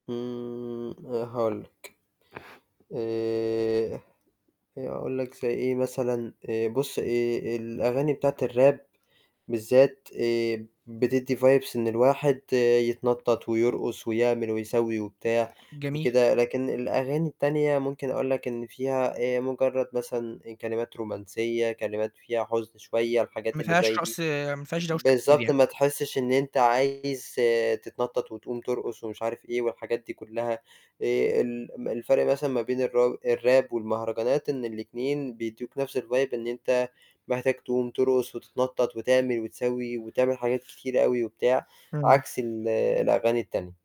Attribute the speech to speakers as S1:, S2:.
S1: امم آآ هاقول لك. آآ آآ أقول لك زي إيه مثلًا آآ بُص، آآ الأغاني بتاعة الراب بالذات آآ بتدِّي vibes إن الواحد يتنطَّط ويرقُص ويعمل ويسوِّي وبتاع
S2: جميل.
S1: وكده، لكن الأغاني التانية ممكن أقول لك إن فيها آآ مُجرّد مثلًا كلمات رومانسية، كلمات فيها حُزن شوية الحاجات
S2: ما
S1: اللي
S2: فيهاش
S1: زي دي،
S2: رقص، ما فيهاش دوشة كتير
S1: بالضبط،
S2: يعني.
S1: ما تحسّش إن أنت عايز تتنطَّط وتقوم ترقُص ومش عارف إيه والحاجات دي كُلّها، آآ ال م الفرق مثلًا ما بين الرا الراب والمهرجانات، إن الاتنين بيدّوك نَفْس الvibe إن أنت محتاج تقوم ترقُص وتتنطَّط وتعمل وتسوّي وتعمل حاجات كتيرة أوي وبتاع،
S2: إمم.
S1: عكس ال الأغاني التانية.